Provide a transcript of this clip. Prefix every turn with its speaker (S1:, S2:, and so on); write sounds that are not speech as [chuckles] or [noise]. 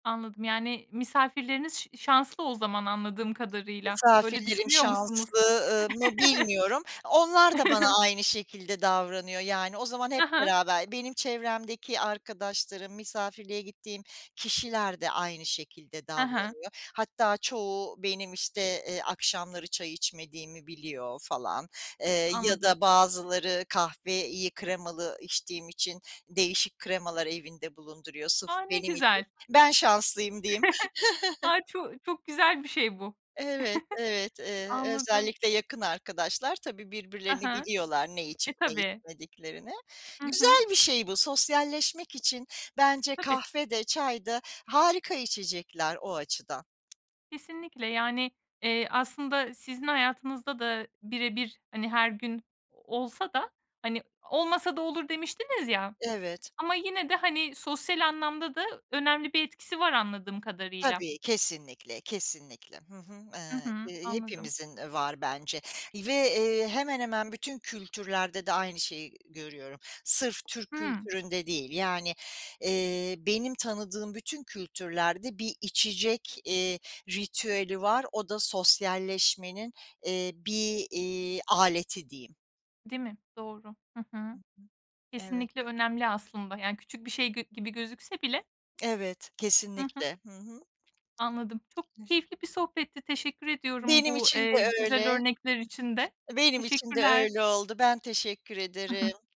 S1: Anladım. Yani misafirleriniz ş şanslı o zaman anladığım kadarıyla. Öyle
S2: Misafirlerim
S1: düşünüyor musunuz?
S2: şanslı, ııı, mı
S1: [chuckles]
S2: bilmiyorum. Onlar da
S1: [chuckles]
S2: bana aynı şekilde davranıyor. Yani o zaman hep
S1: Ha ha.
S2: beraber, benim çevremdeki arkadaşlarım, misafirliğe gittiğim kişiler de aynı şekilde
S1: Ha ha.
S2: davranıyor. Hatta çoğu benim, işte, eee, akşamları çay içmediğimi biliyor falan. Eee, ya
S1: Anladım.
S2: da bazıları kahveyi iyi kremalı içtiğim için değişik kremalar evinde bulunduruyor, sırf
S1: A! Ne
S2: benim için.
S1: güzel.
S2: Ben şanslıyım diyeyim.
S1: [chuckles]
S2: [chuckles]
S1: A! Ço çok güzel bir şey bu.
S2: Evet, evet.
S1: [chuckles]
S2: Eee,
S1: Anladım.
S2: özellikle yakın arkadaşlar tabii,
S1: Ha
S2: birbirlerini
S1: ha.
S2: biliyorlar ne içip
S1: E,
S2: ne
S1: tabii.
S2: içmediklerini.
S1: Hı hı.
S2: Güzel bir şey bu. Sosyalleşmek için bence
S1: Tabii.
S2: kahve de çay da harika içecekler o açıdan.
S1: Kesinlikle. Yani, eee, aslında sizin hayatınızda da birebir, hani, her gün olsa da, hani, olmasa da olur demiştiniz ya.
S2: Evet.
S1: Ama yine de, hani, sosyal anlamda da önemli bir etkisi var anladığım kadarıyla.
S2: Tabii kesinlikle, kesinlikle. Hı hı.
S1: Hı
S2: Eee,
S1: hı,
S2: ke
S1: anladım.
S2: hepimizin, eee, var bence. Ve, eee, hemen hemen bütün kültürlerde de aynı şeyi görüyorum. Sırf Türk
S1: Hımm.
S2: kültüründe değil. Yani, eee, benim tanıdığım bütün kültürlerde bir içecek, eee, ritüeli var, o da sosyalleşmenin, eee, bir, iii, aleti diyeyim.
S1: Değil mi? Doğru. Hı
S2: Hı
S1: hı.
S2: hı. Evet.
S1: Kesinlikle önemli aslında. Yani küçük bir şey g gibi gözükse bile.
S2: Evet,
S1: Hı hı.
S2: kesinlikle. Hı hı.
S1: Anladım, çok
S2: [unintelligible]
S1: keyifli bir sohbetti. Teşekkür ediyorum
S2: Benim
S1: bu,
S2: için
S1: eee,
S2: de
S1: güzel
S2: öyle. Hı
S1: örnekler için de.
S2: hı. Benim için de
S1: Teşekkürler.
S2: öyle oldu. Ben teşekkür
S1: [chuckles]
S2: ederim.